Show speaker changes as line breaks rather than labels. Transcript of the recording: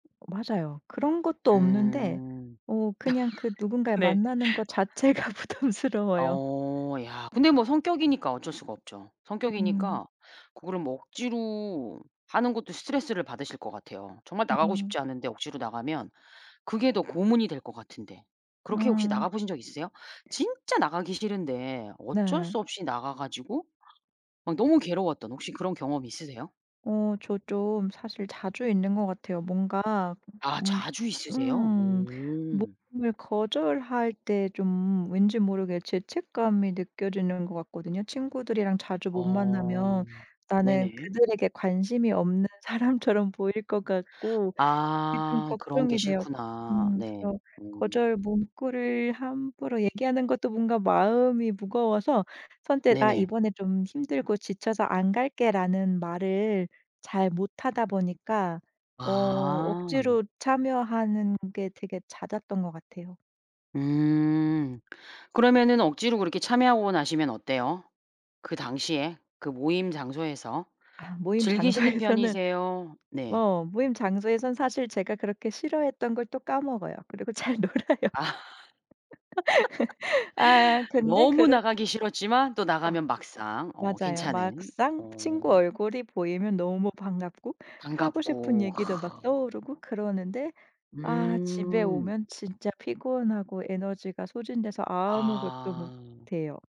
맞아요. 그런 것도 없는데
음.
어 그냥 그 누군가를
네.
만나는 거 자체가 부담스러워요.
어 야 근데 뭐 성격이니까 어쩔 수가 없죠.
음.
성격이니까 그거를 뭐 억지로 하는 것도 스트레스를 받으실 것 같아요. 정말 나가고
음.
싶지 않은데 억지로 나가면 그게 더 고문이 될 것 같은데. 그렇게 혹시
음.
나가보신 적 있으세요? 진짜 나가기 싫은데 어쩔
네.
수 없이 나가 가지고 막 너무 괴로웠던 혹시 그런 경험이 있으세요?
어 저 좀 사실 자주 있는 것 같아요. 뭔가
아
음
자주 있으세요?
음
오.
모임을 거절할 때 좀 왠지 모르게 죄책감이 느껴지는 것 같거든요. 친구들이랑 자주 못
어.
만나면 나는
네네.
그들에게 관심이 없는 사람처럼 보일 것 같고 그게 좀
아 그런 게
걱정이 돼요.
싫구나.
음
네.
그래서
음.
거절 문구를 함부로 얘기하는 것도 뭔가 마음이 무거워서 선뜻 "아
네네.
이번에 좀 힘들고 지쳐서 안 갈게."라는 말을 잘 못하다 보니까 어
아.
억지로 참여하는 게 되게 잦았던 것 같아요.
음. 그러면은 억지로 그렇게 참여하고 나시면 어때요? 그 당시에 그 모임 장소에서
아 모임
즐기시는
장소에서는
편이세요 네.
어 모임 장소에선 사실 제가 그렇게 싫어했던 걸 또 까먹어요. 그리고 잘 놀아요.
아.
아 근데
너무
그렇
나가기 싫었지만 또
아.
나가면 막상 어
맞아요.
괜찮은.
막상 친구
어.
얼굴이 보이면 너무 반갑고 하고 싶은
반갑고. 아
얘기도 막
음.
떠오르고 그러는데 아 집에
음.
오면 진짜 피곤하고 에너지가 소진돼서 아무것도 못
아.
해요.